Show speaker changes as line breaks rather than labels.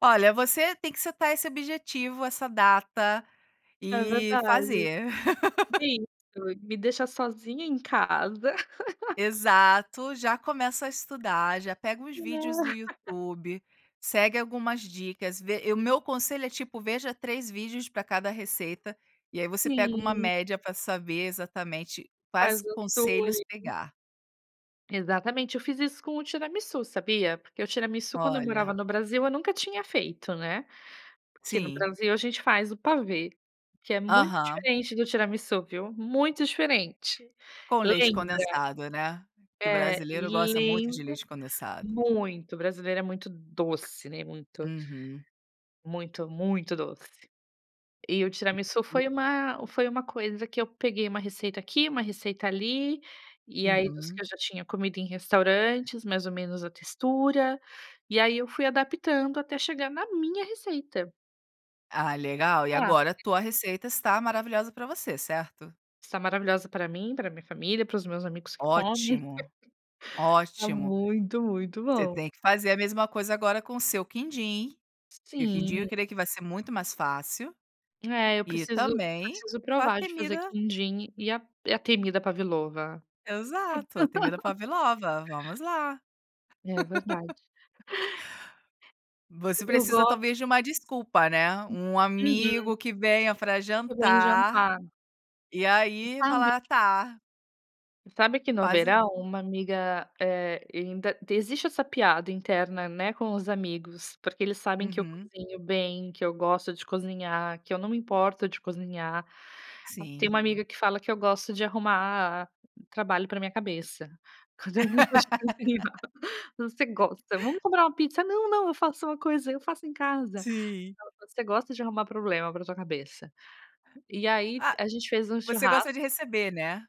Olha, você tem que acertar esse objetivo, essa data,
É
e
verdade,
fazer.
isso me deixa sozinha em casa
Exato, já começa a estudar, já pega uns vídeos
Ah.
do YouTube, segue algumas dicas, vê e o meu conselho é, tipo, veja 3 vídeos pra cada receita, e aí você pega uma
Sim.
média pra saber exatamente, quais
Faz o
conselhos
[unintelligible]
pegar.
Exatamente. Eu fiz isso com o tiramisú, sabia, porque o tiramisú, quando eu morava
Olha.
no Brasil, eu nunca tinha feito, né, porque no
Sim.
Brasil a gente faz o pavê, que é muito
Aham.
diferente do tiramisú, viu, muito diferente
Com leite
Lembra.
condensado, né, que
É,
brasileiro gosta muito de
lembra,
leite condensado.
muito, o brasileiro é muito doce, né, muito
Uhum.
muito, muito doce, e o tiramisu foi uma foi uma coisa que eu peguei uma receita aqui, uma receita ali, e aí dos que
Uhum.
eu já tinha comido em restaurantes, mais ou menos a textura, e aí eu fui adaptando até chegar na minha receita.
Ah, legal! E
Ah,
agora a tua
[unintelligible]
receita está maravilhosa pra você, certo?
Está maravilhosa pra mim, pra minha família, para os meus amigos que comem.
Ótimo,
Tá
ótimo.
muito, muito
Você
bom.
tem que fazer a mesma coisa agora com o seu quindim, e o quindim
Sim.
eu creio que vai ser muito mais fácil,
É, eu
e
preciso
também,
preciso
a
provar de fazer
temida
quindim e a e a temida Pavilova.
Exato, a temida Pavlova, vamos lá.
É verdade.
Você
Eu
precisa
gosto
talvez de uma desculpa, né, um amigo
Uhum.
que venha pra
Que vem
jantar,
jantar.
e
Voce
aí
sabe
falar "Tá".
sabe que no
Quase
verão uma amiga, eh, ainda t existe essa piada interna, né, com os amigos, porque eles sabem que eu
Uhum.
cozinho bem, que eu gosto de cozinhar, que eu não me importo de cozinhar. Tem
Sim.
uma amiga que fala que eu gosto de arrumar trabalho pra minha cabeça, quando eu [unintelligible] voce gosta, "Vamos comprar uma pizza.", "Não não, eu faço uma coisa, eu faço em casa.",
Sim.
ela falou, "Você gosta de arrumar problema pra tua cabeça.", e aí
Ah,
a gente fez um
você gosta
churrasco
de receber, né?